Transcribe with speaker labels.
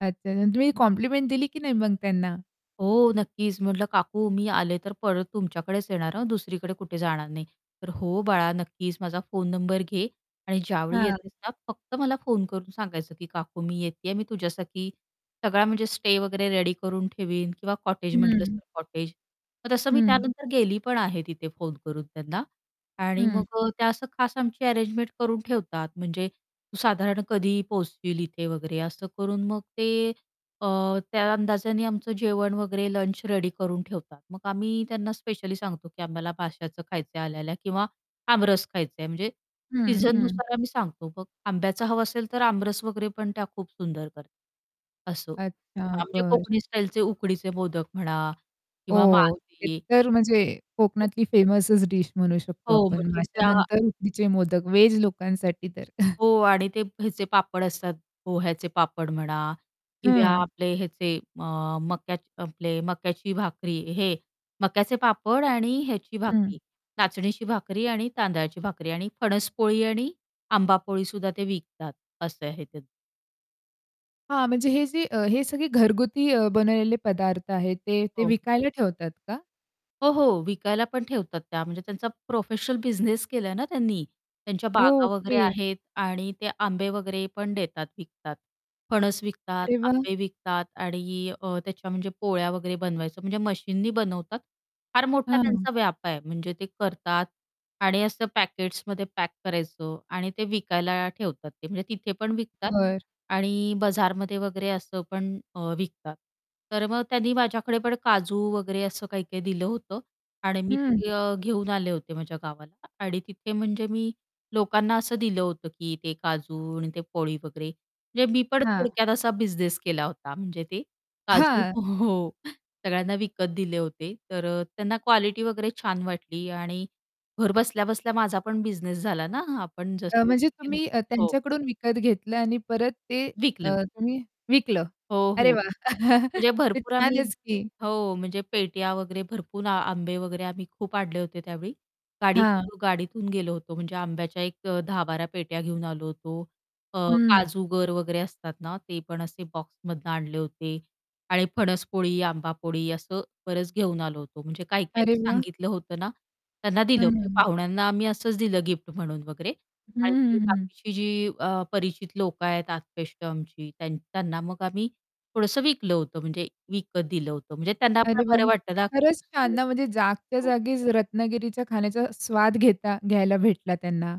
Speaker 1: अच्छा, अच्छा. तुम्ही कॉम्प्लिमेंट दिली की नाही मग त्यांना?
Speaker 2: हो, नक्कीच. म्हटलं, "काकू मी आले तर परत तुमच्याकडेच येणार हा दुसरीकडे कुठे जाणार नाही." तर "हो, बाळा नक्कीच माझा फोन नंबर घे आणि ज्यावेळी
Speaker 1: हां.
Speaker 2: येतेस ना फक्त मला फोन करून सांगायचं की "काकू मी येतीये." मी तुझ्यासाठी सगळा म्हणजे स्टे वगैरे रेडी करून ठेवीन किंवा कॉटेज म्हटलं
Speaker 1: हं.
Speaker 2: तर" "कॉटेज." मग तसं मी
Speaker 1: हं.
Speaker 2: त्यानंतर गेली पण आहे तिथे फोन करून त्यांना आणि
Speaker 1: हं.
Speaker 2: मग अ, त्या असं खास आमची अरेंजमेंट करून ठेवतात. म्हणजे साधारण कधी पोहचशील इथे वगैरे असं करून मग ते अ, त्या अंदाजाने आमचं जेवण वगैरे लंच रेडी करून ठेवतात. मग आम्ही त्यांना स्पेशली सांगतो की "आम्हाला माश्याचं खायचं आहे आल्या-आल्या किंवा आमरस खायचं आहे." म्हणजे
Speaker 1: हं, हं.
Speaker 2: सीझननुसार आम्ही सांगतो. मग आंब्याचं हवं असेल तर आमरस वगैरे पण त्या खूप सुंदर कर असो,
Speaker 1: अच्छा,
Speaker 2: आमचे
Speaker 1: बरं.
Speaker 2: कोकणी स्टाईलचे उकडीचे मोदक म्हणा किंवा
Speaker 1: ओह! एक
Speaker 2: मासे.
Speaker 1: तर म्हणजे
Speaker 2: हो.
Speaker 1: कोकणातली फेमसच डीश म्हणू शकतो
Speaker 2: हो,
Speaker 1: आपण.
Speaker 2: म्हणजे त्या
Speaker 1: मास्यानंतर उकडीचे मोदक व्हेज लोकांसाठी तर.
Speaker 2: हो आणि ते ह्याचे पापड असतात. पोह्याचे पापड म्हणा किंवा
Speaker 1: हं.
Speaker 2: आपले हेचे अ, मक्याचे आपले मक्याची भाकरी हे मक्याचे पापड आणि ह्याची
Speaker 1: हं.
Speaker 2: भाकरी नाचणीची भाकरी आणि तांदळाची भाकरी आणि फणस पोळी आणि आंबा पोळीसुद्धा ते विकतात असं आहे त्यां
Speaker 1: हां, म्हणजे हे जे अ, हे सगळे घरगुती अ, बनवलेले पदार्थ आहेत. ते ते
Speaker 2: हो.
Speaker 1: विकायला ठेवतात का?
Speaker 2: हो, हो, विकायला पण ठेवतात त्या. म्हणजे त्यांचा प्रोफेशनल बिझनेस केलाय ना त्यांनी. त्यांच्या बागा वगैरे
Speaker 1: ओके.
Speaker 2: आहेत आणि ते आंबे वगैरे पण देतात विकतात, फणस विकतात,
Speaker 1: अरे वाह!
Speaker 2: आंबे विकतात आणि अ, त्याच्या म्हणजे पोळ्या वगैरे बनवायचं म्हणजे मशीननी बनवतात फार मोठा
Speaker 1: हां.
Speaker 2: त्यांचा व्याप आहे. म्हणजे ते करतात आणि असं पॅकेट्समध्ये पॅक करायचं आणि ते विकायला ठेवतात ते. म्हणजे तिथे पण विकतात
Speaker 1: बरं.
Speaker 2: आणि बाजारमध्ये वगैरे असं पण अ, विकतात तर मग त्यांनी माझ्याकडे पण काजू वगैरे असं काही-काही दिलं होतं आणि मी ते
Speaker 1: हं.
Speaker 2: घे घेऊन आले होते माझ्या गावाला आणि तिथे म्हणजे मी लोकांना असं दिलं होतं, की ते काजू आणि ते पोळी वगैरे म्हणजे मी पण
Speaker 1: हां.
Speaker 2: थोडक्यात असा बिझनेस केला होता म्हणजे ते काजू
Speaker 1: हां.
Speaker 2: हो, सगळ्यांना विकत दिले होते, तर अ, त्यांना क्वालिटी वगैरे छान वाटली आणि घर बसल्या-बसल्या माझा पण बिझनेस झाला ना हा आपण
Speaker 1: अ,
Speaker 2: जसं
Speaker 1: म्हणजे
Speaker 2: [unintelligible]
Speaker 1: तुम्ही अ,
Speaker 2: हो.
Speaker 1: त्यांच्याकडून विकत घेतलं आणि परत ते
Speaker 2: विकलं.
Speaker 1: अ, तुम्ही विकलं.
Speaker 2: हो,
Speaker 1: अरे
Speaker 2: हो.
Speaker 1: वाह!
Speaker 2: म्हणजे
Speaker 1: ते
Speaker 2: भरपूर आम्ही
Speaker 1: छानच की.
Speaker 2: हो, म्हणजे पेट्या वगैरे भरपूर आ आंबे वगैरे आम्ही खूप आणले होते त्यावेळी.
Speaker 1: हां.
Speaker 2: गाडीतून गाडीतून गेलो होतो. म्हणजे आंब्याच्या एक 10-12 पेट्या घेऊन आलो होतो. अ,
Speaker 1: हं.
Speaker 2: काजूगर वगैरे असतात ना ते पण असे बॉक्समधनं आणले होते आणि फणस पोळी, आंबा पोळी असं बरच घेऊन आलो होतो. म्हणजे काही-काहीनी
Speaker 1: अरे वाह!
Speaker 2: सांगितलं होतं ना, त्यांना दिलं
Speaker 1: हं,
Speaker 2: म्हणजे
Speaker 1: हं.
Speaker 2: पाहुण्यांना आम्ही असंच दिलं गिफ्ट म्हणून वगैरे
Speaker 1: हं,
Speaker 2: आणि जी
Speaker 1: हं, हं.
Speaker 2: बाकीची जी अ, परिचित लोक आहेत, आत्पेष्ट आमची. त्यान त्यांना मग आम्ही थोडंसं विकलं होतं, म्हणजे विकत दिलं होतं म्हणजे त्यांना पण
Speaker 1: अरे वाह!
Speaker 2: बरं
Speaker 1: म्हणजे
Speaker 2: वाटतं ना
Speaker 1: खरंच छान
Speaker 2: की
Speaker 1: ना, म्हणजे
Speaker 2: [unintelligible]
Speaker 1: जागच्या
Speaker 2: हो.
Speaker 1: जागीच रत्नागिरीच्या खाण्याचा स्वाद घेता घ्यायला भेटला त्यांना.